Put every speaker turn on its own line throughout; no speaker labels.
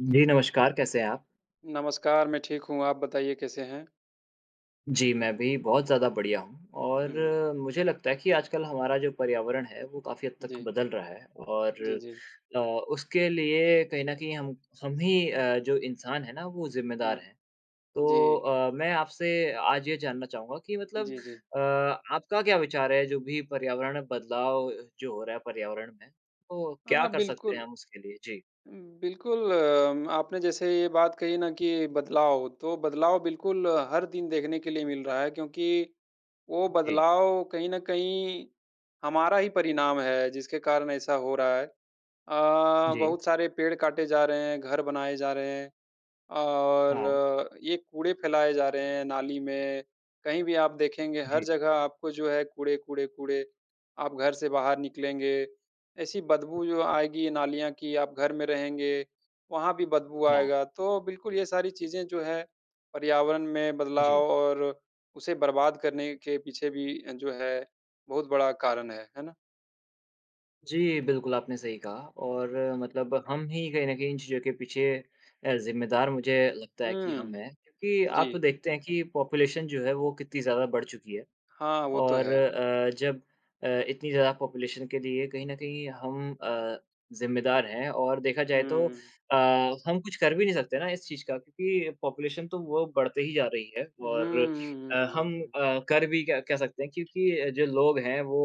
जी, नमस्कार कैसे हैं आप?
नमस्कार, मैं ठीक हूँ, आप बताइए कैसे हैं?
जी, मैं भी बहुत ज़्यादा बढ़िया हूँ। और
हुँ, हुँ।
मुझे लगता है कि आजकल हमारा जो पर्यावरण है वो काफ़ी हद तक
जी।
बदल रहा है। और
जी, जी।
अ, उसके लिए कहीं न कहीं हम हम ही अ, जो इंसान हैं ना, वो ज़िम्मेदार
हुँ।
हैं। तो
जी।
अ, मैं आपसे आज ये जानना चाहूँगा कि मतलब
जी, जी।
अ, आपका क्या विचार है जो भी पर्यावरण बदलाव जो हो रहा है पर्यावरण में, तो
हाँ,
क्या
हाँ
कर सकते
बिल्कुल।
हैं हम उसके लिए? जी।
उम, बिल्कुल अम आपने जैसे ये बात कही ना कि बदलाव तो बदलाव बिल्कुल हर दिन देखने के लिए मिल रहा है, क्योंकि, वो
जी।
बदलाव कहीं न कहीं हमारा ही परिणाम है जिसके कारण ऐसा हो रहा है। अ,
जी।
बहुत सारे पेड़ काटे जा रहे हैं, घर बनाए जा रहे हैं
हाँ।
और ये कूड़े फ़ैलाए जा रहे है। नाली में कहीं भी आप देखेंगे हर
जी।
जगह आपको जो है कूड़े-कूड़े, कूड़े। आप घर से बाहर निकलेंगे ऐसी बदबू जो आएगी नालियाँ की आप घर में रहेंगे, वहाँ भी बदबू
हाँ।
आएगा। तो बिल्कुल ये सारी चीज़ें जो है, पर्यावरण में
जी।
बदलाव और उसे बर्बाद करने के पीछे भी जो है बहुत बड़ा कारण है। है ना?
जी, बिल्कुल आपने सही कहा और मतलब हम ही कहीं न कहीं इन चीज़ों के पीछे अ, ज़िम्मेदार मुझे लगता है कि हम
हुँ।
हैं, क्योंकि
जी।
आप देखते हैं कि पॉपुलेशन जो है वो कितनी ज़्यादा बढ़ चुकी है।
हाँ, वो तो
और
है।
अ, जब अ, इतनी ज़्यादा पॉपुलेशन के लिए कहीं न कहीं हम अ, ज़िम्मेदार हैं और देखा जाए तो
हुँ।
अ, हम कुछ कर भी नहीं सकते ना इस चीज़ का क्योंकि पॉपुलेशन तो वो बढ़ते ही जा रही है।
हुँ,
और
हुँ,
अ,
हुँ,
हम
हुँ।
अ, कर भी क्या क्या सकते हैं, क्योंकि जो लोग हैं वो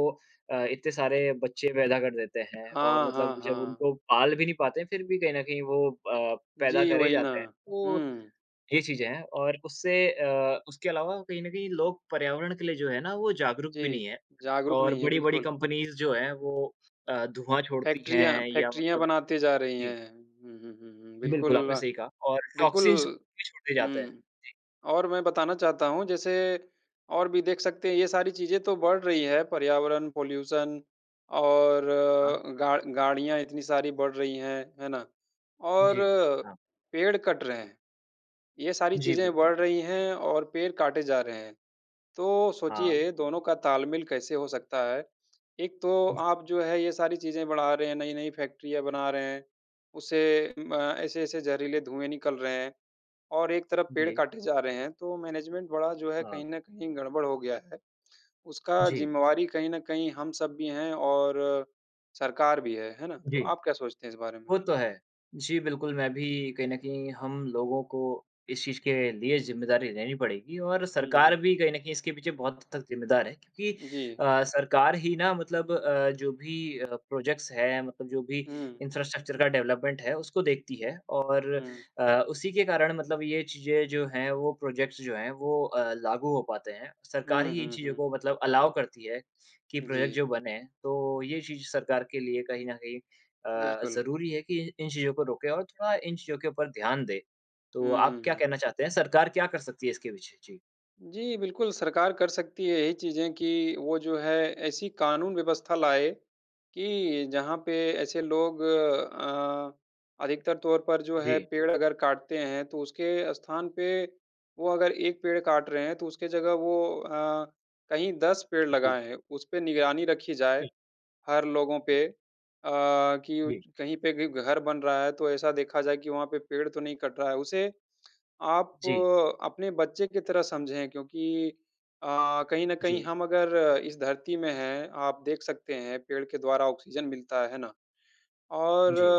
अ, इतने सारे बच्चे पैदा कर देते हैं और
हाँ,
मतलब
हाँ,
जब
हाँ।
उनको पाल भी नहीं पाते फ़िर भी कहीं न कहीं वो अ, पैदा
जी,
करे
वही ना।
जाते हैं। वो
हुँ।
ये चीज़ें है और उससे अ, उसके अलावा कहीं न कहीं लोग पर्यावरण के लिए जो है ना वो जागरूक भी नहीं
जी।
हैं
जागरूक
और
नहीं है,
बड़ी-बड़ी
बिल्कुल।
कंपनीज़ जो है वो अ, धुआँ छोड़ती
फैक्ट्रियाँ
हैं या
फैक्ट्रियाँ
मतलब
बनाते जा रही
जी।
है। हुँ, हुँ, हुँ, हुँ
बिल्कुल, आपने
बिल्कुल,
सही कहा और
बिल्कुल।
टॉक्सिन्स भी छोड़ते जाते हैं।
हुँ
जी।
और मैं बताना चाहता हूँ जैसे और भी देख सकते हैं ये सारी चीज़ें तो बढ़ रही है पर्यावरण, पॉल्यूशन और
हाँ।
गा गाड़ियाँ इतनी सारी बढ़ रही है, है ना? और
जी। हाँ।
पेड़ कट रहे हैं, ये सारी
जी,
चीज़ें
बिल्कुल।
बढ़ रही हैं और पेड़ काटे जा रहे हैं, तो
हाँ।
सोचिए दोनों का तालमेल कैसे हो सकता है। एक तो
जी।
आप जो है ये सारी चीज़ें बढ़ा रहे हैं, नई-नई फैक्ट्रियाँ बना रहे हैं, उसे म ऐसे-ऐसे ज़हरीले धुएँ निकल रहे हैं और एक तरफ पेड़
जी।
काटे जा रहे हैं तो मैनेजमेंट बड़ा जो है
हाँ।
कहीं न कहीं गड़-बड़ हो गया है। उसका
जी।
ज़िम्मेवारी कहीं न कहीं हम सब भी हैं और अ, सरकार भी है, है ना? तो
जी।
आप क्या सोचते हैं इस बारे में?
वो तो है। जी, बिल्कुल मैं भी कहीं न कहीं हम लोगों को इस चीज़ के लिए ज़िम्मेदारी लेनी पड़ेगी और
हुँ,
सरकार
हुँ।
भी कहीं न कहीं इसके पीछे बहुत हद तक ज़िम्मेदार है। क्योंकि
जी।
अ, सरकार ही ना मतलब अ, जो भी अ, प्रोजेक्ट्स हैं मतलब जो भी
हुँ।
इंफ्रास्ट्रक्चर का डेवलपमेंट है उसको देखती है। और
हुँ।
अ, उसी के कारण मतलब ये चीज़ें जो हैं, वो प्रोजेक्ट्स जो हैं वो अ, लागू हो पाते हैं। सरकार
हुँ,
ही इन
हुँ,
चीज़ों
हुँ।
को मतलब अलाउ करती है कि प्रोजेक्ट
जी।
जो बने। तो ये चीज़ सरकार के लिए कहीं न कहीं अ,
बिल्कुल।
ज़रूरी है कि इ इन चीज़ों को रोके और थोड़ा इन चीज़ों के ऊपर ध्यान दे। तो
हुँ,
आप
हुँ,
क्या
हुँ।
कहना चाहते हैं? सरकार क्या कर सकती है इसके पीछे? जी।
जी, बिल्कुल सरकार कर सकती है ये चीज़ें कि वो जो है ऐसी कानून व्यवस्था लाए कि जहाँ पे ऐसे लोग अ, अधिकतर तौर पर जो है
जी।
पेड़ अगर काटते हैं। तो उसके स्थान पे वो अगर एक पेड़ काट रहे हैं, तो उसकी जगह वो अ, कहीं 10 पेड़
जी।
लगाएँ। उसपे निगरानी रखी जाए
हुँ।
हर लोगों पे, अ,
जी।
कि कहीं पे भी घर बन रहा है, तो ऐसा देखा जाए कि वहाँ पे पेड़ तो नहीं कट रहा है। उसे आप
जी।
अपने बच्चे की तरह समझें क्योंकि अ, कहीं न कहीं
जी।
हम अगर इस धरती में हैं, आप देख सकते हैं पेड़ के द्वारा ऑक्सीज़न मिलता है। है ना? और
जी।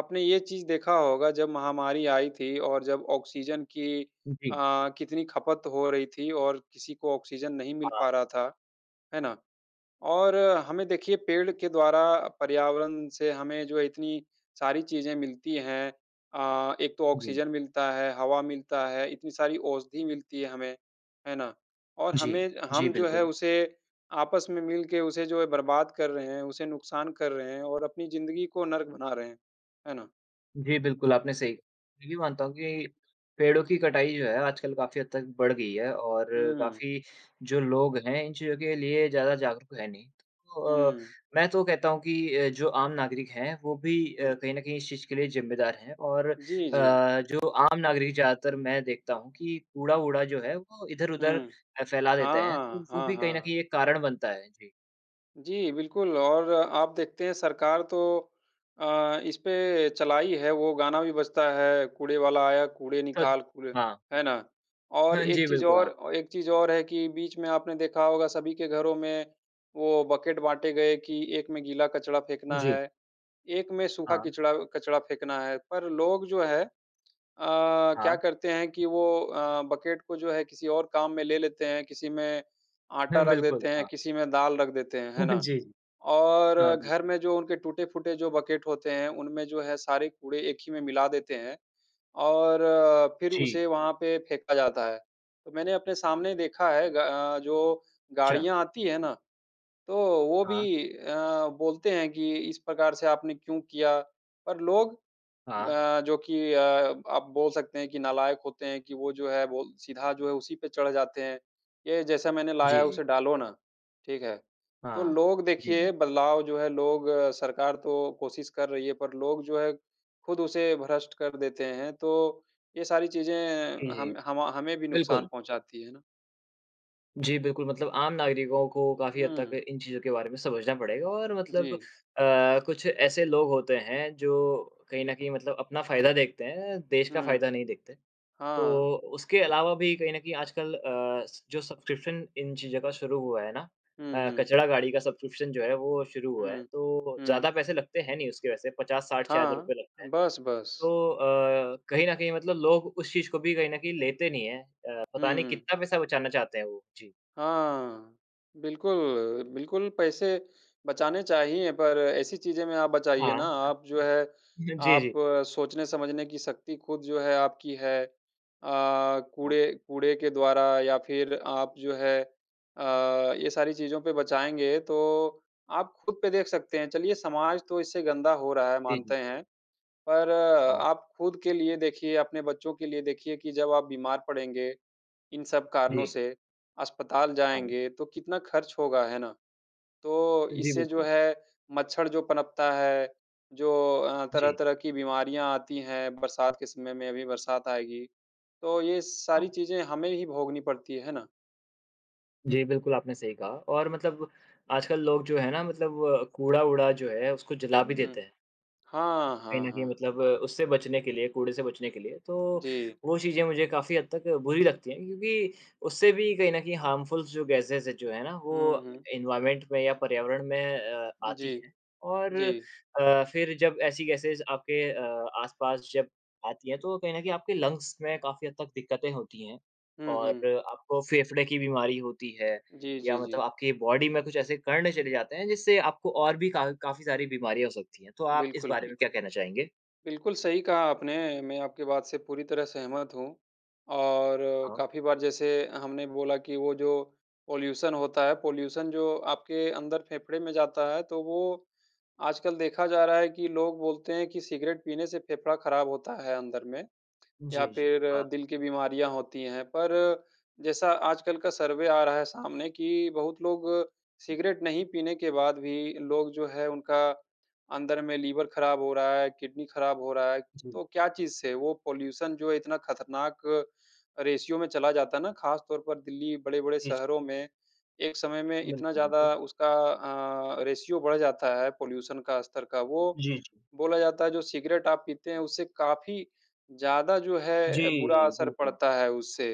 आपने ये चीज़ देखा होगा जब महामारी आई थी और जब ऑक्सीज़न की
जी।
अ, कितनी खपत हो रही थी और किसी को ऑक्सीज़न नहीं मिल
हाँ।
पा रहा था। है ना? और हमें देखिए पेड़ के द्वारा पर्यावरण से हमें जो है इतनी सारी चीज़ें मिलती हैं अ, एक तो
जी।
ऑक्सीज़न मिलता है, हवा मिलता है, इतनी सारी औषधि मिलती है हमें। है ना? और
जी।
हमें
जी,
हम जो है
बिल्कुल।
उसे आपस में मिल के उसे जो है बर्बाद कर रहे हैं, उसे नुकसान कर रहे हैं और अपनी ज़िंदगी को नर्क बना रहे हैं। है ना?
जी, बिल्कुल, आपने सही भी मानता हूँ कि पेड़ों की कटाई जो है, आजकल काफ़ी हद तक बढ़ गई है और
हुँ।
काफ़ी जो लोग हैं, इन चीज़ों के लिए ज़्यादा जागरूक तो हैं नहीं। तो अ,
हुँ।
मैं तो कहता हूँ कि अ, जो आम नागरिक हैं, वो भी अ,
हुँ।
कहीं न कहीं इस चीज़ के लिए जिम्मेदार हैं और अ,
जी, जी।
जो आम नागरिक ज़्यादातर मैं देखता हूँ कि कूड़ा-वूड़ा जो है, वो इधर-उधर
हुँ।
अ, फैला देते हैं, तो
हाँ,
वो
हाँ,
भी कहीं न
हाँ।
कहीं एक कारण बनता है। जी।
जी, बिल्कुल, और आप देखते हैं, सरकार तो अ, इस पे चलाई है, वो गाना भी बजता है, कूड़े वाला आया, कूड़े निकाल,
[unintelligible]
कूड़े।
हाँ।
है ना? और
हाँ
एक
जी,
चीज़
बिल्कुल,
और
हाँ।
अ, एक चीज़ और है कि बीच में आपने देखा होगा, सभी के घरों में वो बकेट बाँटे गए कि, एक में गीला कचरा फेंकना
जी।
है, एक में सूखा
हाँ।
कचरा कचरा फेंकना है। पर लोग जो हैं अ, क्या
हाँ।
करते हैं कि वो अ, बकेट को जो है, किसी और काम में ले लेते हैं, किसी में आटा
हुँ,
रख
बिल्कुल।
देते हैं,
हाँ।
किसी में दाल रख देते हैं। है ना?
जी, जी।
और
हाँ,
घर
बिल्कुल।
में जो उनके टूटे-फूटे जो बकेट होते हैं, उनमें जो है, सारे कूड़े एक ही में मिला देते हैं और फिर उसे
जी।
वहाँ पे फेंका जाता है। तो मैंने अपने सामने देखा है ग अ, जो
अच्छा।
गाड़ियाँ आती हैं ना, तो वो भी
हाँ।
अ, बोलते हैं कि, "इस प्रकार से आपने क्यों किया?" पर लोग
हाँ।
अ, जो कि अ, आप बोल सकते हैं कि नालायक होते हैं कि, वो जो है, वो सीधा जो है, उसी पे चढ़ जाते हैं, "ये जैसा मैंने लाया
जी,
है,
जी।
उसे डालो ना।" ठीक है? तो
हाँ।
लोग,
जी,
देखिए,
जी।
बदलाव जो है, लोग सरकार तो कोशिश कर रही है, पर लोग जो है, खुद उसे भ्रष्ट कर देते हैं। तो ये सारी
जी,
चीज़ें
जी।
हम हमा हमें भी नुकसान
बिल्कुल।
पहुँचाती हैं ना।
जी। बिल्कुल मतलब आम नागरिकों को काफ़ी हद तक
हुँ।
इन चीज़ों के बारे में समझना पड़ेगा और मतलब अ,
जी।
कुछ ऐसे लोग होते हैं जो कहीं न कहीं मतलब अपना फ़ायदा देखते हैं देश का
हुँ।
फ़ायदा नहीं देखते। तो
हाँ।
उसके अलावा भी कहीं न कहीं आजकल अ, स जो सब्सक्रिप्शन इन चीज़ों का शुरू हुआ है ना
हुँ,
अ,
हुँ।
कचरा गाड़ी का सब्सक्रिप्शन जो है वो शुरू हुआ है
हुँ,
तो
हुँ।
ज़्यादा पैसे लगते हैं नहीं, उसके वैसे 50-60 शायद
हाँ।
रुपए लगते हैं।
बस-बस।
तो अ, कहीं न कहीं मतलब लोग उस चीज़ को भी कहीं न कहीं लेते नहीं हैं अ,
हुँ,
पता नहीं
हुँ।
कितना पैसा बचाना चाहते हैं वो। जी।
हाँ। बिल्कुल, बिल्कुल पैसे बचाने चाहिए पर ऐसी चीज़े में आप बचाइए ना।
हाँ।
आप जो है
जी,
आप
जी।
सोचने-समझने की शक्ति ख़ुद जो है आपकी है अ,
हाँ।
कूड़े कूड़े के द्वारा या फ़िर आप जो है अ, ये सारी चीज़ों पे बचाएँगे तो आप ख़ुद पे देख सकते हैं। चलिए समाज तो इससे गंदा हो रहा है
जी,
मानते
जी।
हैं। पर
हाँ।
आप ख़ुद के लिए देखिए अपने बच्चों के लिए देखिए कि जब आप बीमार पड़ेंगे। इन सब कारणों
जी।
से अस्पताल
हाँ।
जाएँगे तो कितना ख़र्च होगा। है ना? तो
जी,
इससे जो
बिल्कुल।
है मच्छर जो पनपता है, जो अ,
जी।
तरह-तरह की बीमारियाँ आती हैं, बरसात के समय में अभी बरसात आएगी। तो ये सारी
हाँ।
चीज़ें हमें ही भोगनी पड़ती है ना?
जी, बिल्कुल। आपने सही कहा और मतलब आजकल लोग जो हैं ना मतलब अ, कूड़ा-वूड़ा जो है उसको जला भी
हुँ।
देते हैं।
हाँ,
कहीं
हाँ, हाँ,
न कहीं
हाँ।
मतलब उससे बचने के लिए, कूड़े से बचने के लिए, तो
जी।
वो चीज़ें मुझे काफ़ी हद तक बुरी लगती हैं। क्योंकि उससे भी कहीं न कहीं हार्मफुल जो गैसेज़ जो है ना,
हुँ,
वो
हुँ।
एनवॉरमेंट में या पर्यावरण में अ, आती
जी।
है। और
जी।
अ, फ़िर जब ऐसी गैसेज़ आपके अ, आसपास जब आती हैं, तो कहीं न कहीं आपके लंग्स में काफ़ी हद तक दिक्कतें होती हैं।
हुँ,
और
हुँ।
आपको फेफड़े की बीमारी होती है
जी,
या
जी,
मतलब
जी।
आपकी बॉडी में कुछ ऐसे क़र्ण चले जाते हैं, जिससे आपको और भी का काफ़ी सारी बीमारियाँ हो सकती है। तो आप इस
बिल्कुल,
बारे में
बिल्कुल।
क्या कहना चाहेंगे?
बिल्कुल, सही कहा आपने। मैं आपकी बात से पूरी तरह सहमत हूँ। और
हाँ।
काफ़ी बार जैसे हमने बोला कि वो जो पॉल्यूशन होता है, पॉल्यूशन जो आपके अंदर फेफड़े में जाता है। तो वो, आजकल देखा जा रहा है कि लोग बोलते हैं कि सिगरेट पीने से फेफड़ा ख़राब होता है अंदर में या
जी, जी।
फिर
हाँ।
दिल की बीमारियाँ होती हैं। पर जैसा आजकल का सर्वे आ रहा है सामने कि, बहुत लोग सिगरेट नहीं पीने के बाद भी लोग जो है उनका अंदर में लिवर ख़राब हो रहा है, किडनी ख़राब हो रहा है,
जी।
तो क्या चीज़ से वो पॉल्यूशन जो है इतना ख़तरनाक रेश्यो में चला जाता है ना, ख़ासतौर पर दिल्ली बड़े-बड़े
जी, जी।
शहरों में एक समय में इतना
बिल्कुल, बिल्कुल।
ज़्यादा उसका अ, रेश्यो बढ़ जाता है। पॉल्यूशन का स्तर का। वो
जी, जी।
बोला जाता है जो सिगरेट आप पीते हैं उससे काफ़ी ज़्यादा जो है बुरा
जी,
असर
बिल्कुल।
पड़ता है उससे।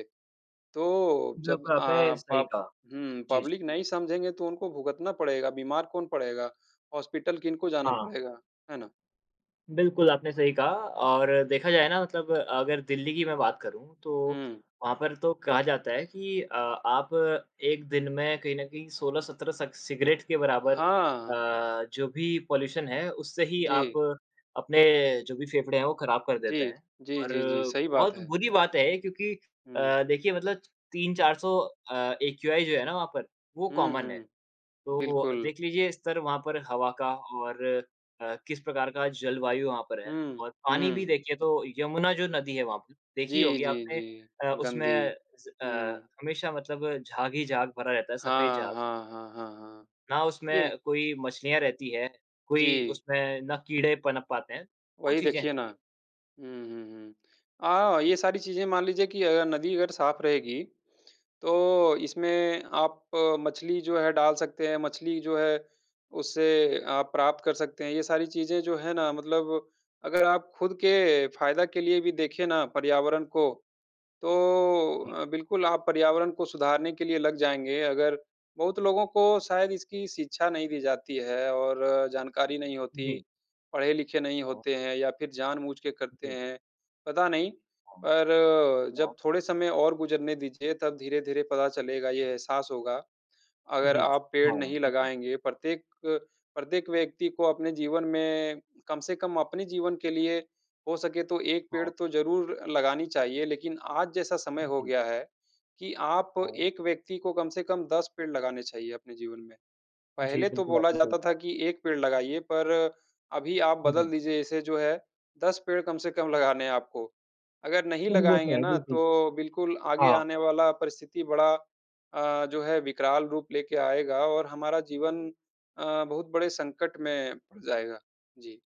तो जब
बिल्कुल,
अ,
आपने सही
पब
कहा।
हुँ।
जी, जी।
पब्लिक नहीं समझेंगे तो उनको भुगतना पड़ेगा, बीमार कौन पड़ेगा? हॉस्पिटल किन को जाना
हाँ।
पड़ेगा, है ना?
बिल्कुल, आपने सही कहा और देखा जाए ना मतलब अगर दिल्ली कि मैं बात करूँ, तो
हुँ।
वहाँ पर तो कहा जाता है कि अ आप 1 दिन में कहीं न कहीं 16-17 स सिगरेट के बराबर
हाँ।
अ, जो भी पॉल्यूशन है उससे ही आप
जी।
अपने जो भी फेफड़े हैं वो ख़राब कर देते
जी।
हैं।
जी,
और
जी, जी सही बात
बहुत
हैं।
बुरी बात है क्योंकि
हुँ।
अ, देखिए मतलब 3-400 अ, एक्यूआइ जो है ना वहाँ पर, वो
हुँ,
कॉमन है।
हुँ।
तो
बिल्कुल।
देख लीजिये स्तर वहाँ पर हवा का और अ, किस प्रकार का जलवायु वहाँ पर है
हुँ।
और पानी भी
हुँ।
देखिये तो यमुना जो नदी है वहाँ पर देखी ही
जी,
होगी
जी,
आपने अ,
जी
उसमें
गन्दी।
अ,
हुँ।
हमेशा मतलब झाग ही झाग भरा रहता है। सफ़ेद
हाँ,
झाग।
हाँ, हाँ, हाँ, हाँ।
ना उसमें
ये
कोई मछलियाँ रहती हैं, कोई
जी।
उसमें ना कीड़े पनप पाते हैं। वो
वही
चीज़ें हैं।
देखिए ना। हुँ, हुँ, हुँ। अ, ये सारी चीज़ें मान लीजिए कि अगर नदी अगर साफ़ रहेगी, तो इसमें आप मछली जो है डाल सकते हैं, मछली जो है उसे आप प्राप्त कर सकते हैं। ये सारी चीज़ें जो है ना मतलब, अगर आप ख़ुद के फ़ायदा के लिए भी देखे ना पर्यावरण को तो
जी।
अ, बिल्कुल आप पर्यावरण को सुधारने के लिए लग जाएँगे। अगर बहुत लोगों को शायद इसकी शिक्षा नहीं दी जाती हैं और जानकारी नहीं होती।
जी।
पढ़े-लिखे नहीं
हाँ।
होते हैं या फ़िर जानबूझ के करते
जी।
हैं। पता नहीं,
हाँ।
पर
हाँ।
जब थोड़े समय और गुज़रने दीजिए तब धीरे-धीरे पता चलेगा ये एहसास होगा। अगर
जी
आप पेड़
हाँ।
नहीं
बिल्कुल।
लगाएँगे प्रत्येक प्रत्येक व्यक्ति को अपने जीवन में कम से कम अपने जीवन के लिए, हो सके तो 1 पेड़
हाँ।
तो ज़रूर लगानी चाहिए। लेकिन आज जैसा समय हो
जी।
गया है कि आप
हाँ।
1 व्यक्ति को कम से कम 10 पेड़ लगाने चाहिए अपने जीवन में।
जी,
पहले तो
बिल्कुल
बोला
आपने सही
जाता था
कहा।
कि 1 पेड़ लगाइए पर, अभी आप
हुँ, हुँ।
बदल दीजिए इसे जो है 10 पेड़ कम से कम लगाने हैं आपको। अगर नहीं
वो तो
लगाएँगे
है
ना
बिल्कुल।
तो बिल्कुल आगे
हाँ।
आने वाला परिस्थिति बड़ा अ, जो है विकराल रूप लेके आएगा और हमारा जीवन अ, बहुत बड़े संकट में पड़ जाएगा। जी।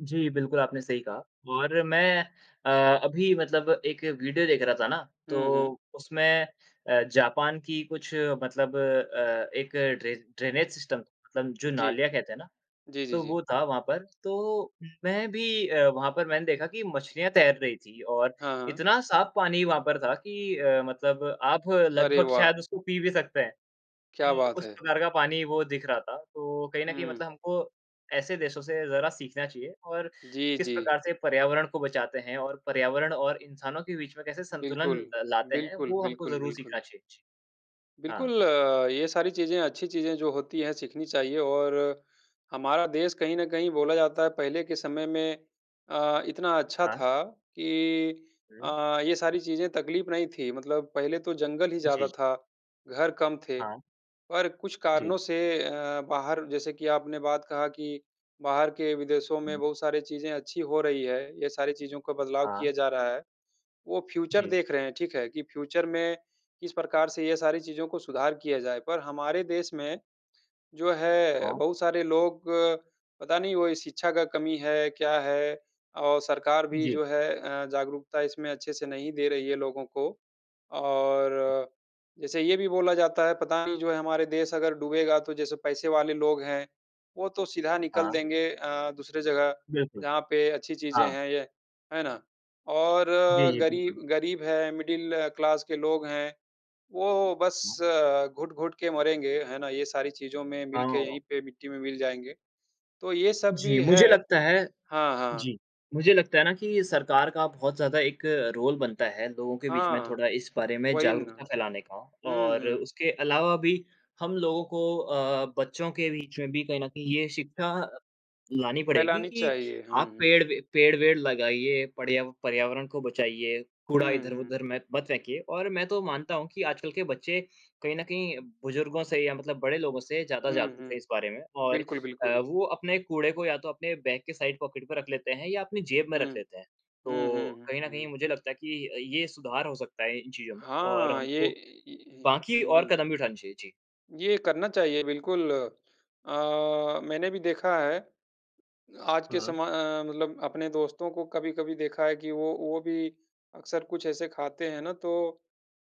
जी, बिल्कुल, आपने सही कहा और मैं अ, अभी मतलब एक वीडियो देख रहा था ना,
हुँ, हुँ।
तो उसमें अ, जापान की कुछ मतलब अ, एक ड्रे ड्रेनेज सिस्टम मतलब जो
जी।
नालियाँ कहते हैं ना,
जी, जी,
तो
जी।
वो था वहाँ पर, तो मैं भी अ, वहाँ पर मैंने देखा कि मछलियाँ तैर रही थीं और
हाँ, हाँ।
इतना साफ पानी वहाँ पर था कि अ, मतलब आप
अरे,
लगभग
वाह!
शायद उसको पी भी सकते हैं।
क्या
जी,
बात
उस
है!
प्रकार का पानी वो दिख रहा था, तो कहीं न कहीं
हुँ।
मतलब हमको ऐसे देशों से ज़रा सीखना चाहिए और
जी,
किस
जी।
प्रकार से पर्यावरण को बचाते हैं और पर्यावरण और इंसानों के बीच में कैसे संतुलन
बिल्कुल।
लाते हैं,
बिल्कुल,
वो हमको
बिल्कुल,
ज़रूर
बिल्कुल।
सीखना चाहिए। जी। हाँ।
बिल्कुल, ये सारी चीज़ें, अच्छी चीज़ें जो होती हैं, सीखनी चाहिए और हमारा देश कहीं न कहीं बोला जाता है, पहले के समय में अ, इतना अच्छा
हाँ।
था कि
हुँ।
अ, ये सारी चीज़ें तकलीफ़ नहीं थी, मतलब पहले तो जंगल ही
जी,
ज़्यादा
जी।
था, घर कम थे।
हाँ।
पर कुछ
जी।
कारणों से अ, बाहर जैसे कि आपने बात कहा कि बाहर के विदेशों में
हुँ।
बहुत सारी चीज़ें अच्छी हो रही हैं, ये सारी चीज़ों का बदलाव
हाँ।
किया जा रहा है। वो फ्यूचर
जी।
देख रहे हैं, ठीक है, कि फ्यूचर में किस प्रकार से ये सारी चीज़ों को सुधार किया जाए। पर हमारे देश में जो है,
हाँ।
बहुत सारे लोग, पता नहीं, वो शिक्षा का कमी है, क्या है, और सरकार भी
जी।
जो है अ, जागरूकता इसमें अच्छे से नहीं दे रही है लोगों को। और जैसे ये भी बोला जाता है, पता नहीं, जो है, हमारे देश अगर डूबेगा, तो जैसे पैसे वाले लोग हैं, वो तो सीधा निकल
हाँ।
देंगे अ, दूसरे जगह,
बिल्कुल।
जहाँ पे अच्छी चीज़े
हाँ।
हैं ये। है ना? और
जी, जी, बिल्कुल।
गरीब गरीब है, मिडल क्लास के लोग हैं, वो बस
हुँ।
घुट-घुट के मरेंगे, है ना? ये सारी चीज़ों में मिल के
हाँ।
यही पे मिट्टी में मिल जाएँगे। तो ये सब
जी,
भी है।
मुझे लगता है
हाँ, हाँ।
जी, मुझे लगता है ना कि सरकार का बहुत ज़्यादा एक रोल बनता है, लोगों के बीच में
हाँ।
थोड़ा इस बारे में
वही ना।
जागरूकता फैलाने का
हुँ,
और
हुँ।
उसके अलावा भी हम लोगों को अ, बच्चों के बीच में भी कहीं न कहीं ये शिक्षा लानी पड़ेगी
फैलानी
कि,
चाहिए। हुँ,
"आप
हुँ।
पेड़ वे पेड़-वेड़ लगाइए, पर्या पर्यावरण को बचाइए, कूड़ा
हुँ, हुँ।
इधर-उधर में मेत मत फेंकिए।" और मैं तो मानता हूँ कि आजकल के बच्चे कहीं न कहीं बुज़ुर्गों से या मतलब बड़े लोगों से ज़्यादा
हुँ,
जागरूक हैं इस
हुँ।
बारे में और
बिल्कुल,
अ,
बिल्कुल।
वो अपने कूड़े को या तो अपने बैग के साइड पॉकेट पे रख लेते हैं या अपनी जेब में रख
हुँ।
लेते हैं।
हुँ, हुँ,
तो कहीं
हुँ,
न कहीं
हुँ।
मुझे लगता है कि अ, ये सुधार हो सकता है इन चीज़ों में और
हाँ, ये
हमको बाकी और
जी।
कदम भी उठाने चाहिए। जी।
ये करना चाहिए बिल्कुल। अ, मैंने भी देखा है, आज के
हाँ।
समय मतलब अपने दोस्तों को कभी-कभी देखा है कि वो वो भी अक्सर कुछ ऐसे खाते हैं ना तो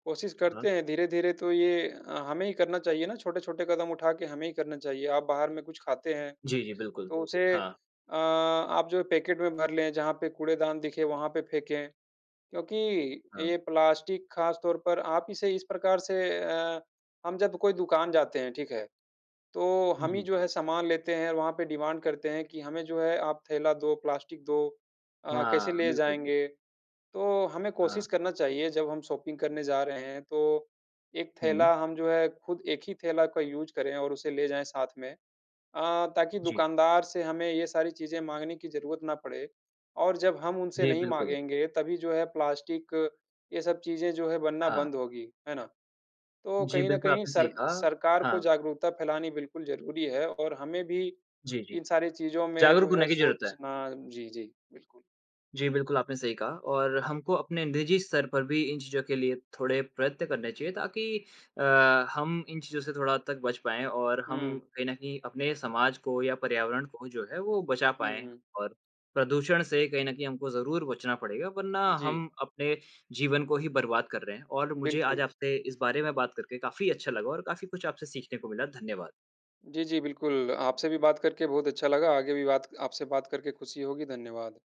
कोशिश
हाँ।
करते हैं धीरे-धीरे तो ये हमें ही करना चाहिए ना छोटे-छोटे कदम उठा के हमें ही करना चाहिए। आप बाहर में कुछ खाते हैं,
जी, जी, बिल्कुल।
तो उसे
हाँ।
अ, आप जो पैकेट में भर लें जहाँ पे कूड़ेदान दिखे वहाँ पे फेंके, क्योंकि
हाँ।
ये प्लास्टिक ख़ास तौर पर आप इसे इस प्रकार से अ, हम जब कोई दुकान जाते हैं, ठीक है। तो हम ही
जी।
जो है सामान लेते हैं, वहाँ पे डिमांड करते हैं कि हमें जो है आप थैला दो, प्लास्टिक दो अ, कैसे
हाँ,
ले
बिल्कुल, बिल्कुल।
जाएँगे? तो हमें
हाँ।
कोशिश करना चाहिए जब हम शॉपिंग करने जा रहे हैं तो, 1
हुँ।
थैला हम जो है खुद एक ही थैला का यूज़ करें और उसे ले जाएँ साथ में। अ, ताकि
जी।
दुकानदार से हमें ये सारी चीज़ें माँगने की जरूरत ना पड़े और जब हम उनसे
जी,
नहीं
बिल्कुल।
माँगेंगे तभी जो है प्लास्टिक ये सब चीज़ें जो है बनना
हाँ।
बंद होंगी। है ना? तो
जी,
कहीं न
बिल्कुल
कहीं
आपने सही
सर
कहा।
सरकार को
हाँ।
जागरूकता फ़ैलानी बिल्कुल ज़रूरी है, और हमें भी
जी, जी।
इन सारी चीज़ों में
जागरूक
जो
होने
है
की जरूरत है।
सोचना जी, जी, बिल्कुल।
जी, बिल्कुल आपने सही कहा और हमको अपने निजी स्तर पर भी इन चीज़ों के लिए थोड़े प्रयत्न करने चाहिए ताकि अ, हम इन चीज़ों से थोड़ा हद तक बच पाएँ और हम
हुँ।
कहीं न कहीं अपने समाज को या पर्यावरण को जो है वो बचा
हुँ,
पाएँ।
हुँ।
और प्रदूषण से कहीं न कहीं हमको ज़रूर बचना पड़ेगा, वरना
जी।
हम अपने जीवन को ही बर्बाद कर रहे हैं और मुझे आज
बिल्कुल।
आपसे इस बारे में बात करके काफ़ी अच्छा लगा और काफ़ी कुछ आपसे सीखने को मिला। धन्यवाद।
जी, जी। बिल्कुल आपसे भी बात करके बहुत अच्छा लगा। आगे भी बात आपसे बात करके खुशी होगी। धन्यवाद।